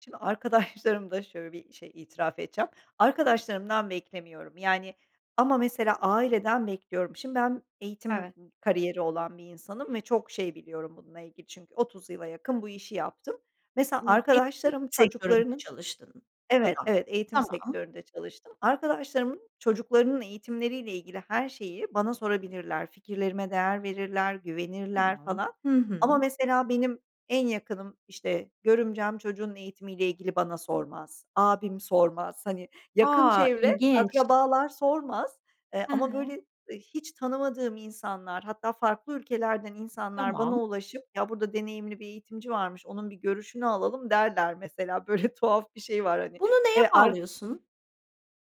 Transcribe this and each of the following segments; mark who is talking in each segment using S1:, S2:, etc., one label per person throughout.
S1: Şimdi, arkadaşlarımda şöyle bir şey itiraf edeceğim. Arkadaşlarımdan beklemiyorum yani, ama mesela aileden bekliyorum. Şimdi, ben eğitim
S2: Evet.
S1: m kariyeri olan bir insanım ve çok şey biliyorum bununla ilgili. Çünkü 30 yıla yakın bu işi yaptım. Mesela,
S2: Imm, eğitim
S1: arkadaşlarım
S2: sektöründe
S1: çocuklarının
S2: çalıştın
S1: Evet,
S2: [unintelligible]
S1: evet, eğitim
S2: tamam.
S1: sektöründe çalıştım. Arkadaşlarımın çocuklarının eğitimleriyle ilgili, her şeyi bana sorabilirler. Fikirlerime değer verirler, güvenirler
S2: Tamam.
S1: falan.
S2: Hı
S1: Ama
S2: hı.
S1: mesela, benim en yakınım, işte görümcem, çocuğunun eğitimiyle ilgili bana sormaz. Abim sormaz. Hani, yakın
S2: A,
S1: çevre
S2: ilginç.
S1: akrabalar sormaz, eee,
S2: He
S1: ama
S2: he.
S1: böyle, eee, hiç tanımadığım insanlar, hatta farklı ülkelerden insanlar bana
S2: Tamam.
S1: ulaşıp "Ya burada deneyimli bir eğitimci varmış, onun bir görüşünü alalım." derler mesela, böyle tuhaf bir şey var hani.
S2: Bunu neye
S1: Eee, ar
S2: bağlıyorsun?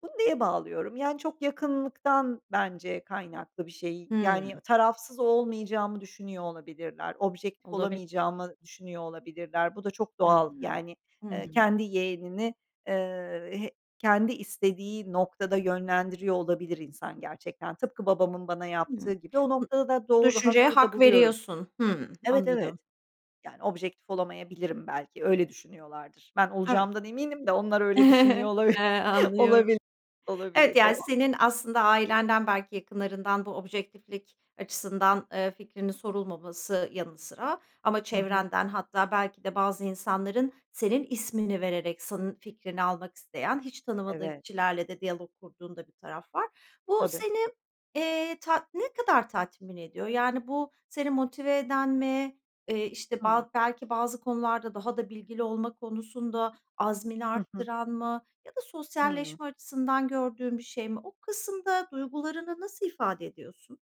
S1: Bunu neye bağlıyorum? Yani, çok yakınlıktan bence kaynaklı bir şey. Yani,
S2: Hımm.
S1: tarafsız olmayacağımı düşünüyor olabilirler. Objektif
S2: Olabilir.
S1: olamayacağımı düşünüyor olabilirler. Bu da çok doğal,
S2: Hımm.
S1: yani,
S2: Hı
S1: eee,
S2: hı.
S1: kendi yeğenini, eee, he kendi istediği noktada yönlendiriyor olabilir insan gerçekten. Tıpkı babamın bana yaptığı
S2: Hımm.
S1: gibi, o
S2: B
S1: noktada da,
S2: bu
S1: doğru
S2: düşünceye
S1: haklı da
S2: hak
S1: buluyorum.
S2: veriyorsun. Hımm.
S1: Evet, evet,
S2: Anladım.
S1: yani objektif olamayabilirim belki, öyle düşünüyorlardır. Ben
S2: Evet.
S1: olacağımdan eminim de, onlar öyle düşünüyor olabil
S2: Eee, anlıyorum.
S1: olabil
S2: Evet,
S1: olabilir
S2: yani
S1: doğal.
S2: senin aslında ailenden, belki yakınlarından bu objektiflik açısından, eee, fikrinin sorulmaması yanı sıra, ama
S1: Hı hı.
S2: çevrenden, hatta belki de bazı insanların, senin ismini vererek, senin fikrini almak isteyen, hiç tanımadığın
S1: Evet.
S2: kişilerle de diyalog kurduğun da bir taraf var. Bu
S1: Tabii.
S2: seni, eee, tat ne kadar tatmin ediyor? Yani bu, seni motive eden mi? Eee, işte,
S1: Hımm.
S2: ba belki bazı konularda daha da bilgili olma konusunda, azmini
S1: Hı hı.
S2: arttıran mı? Ya da,
S1: Hımm.
S2: sosyalleşme açısından gördüğün bir şey mi? O kısımda, duygularını nasıl ifade ediyorsun?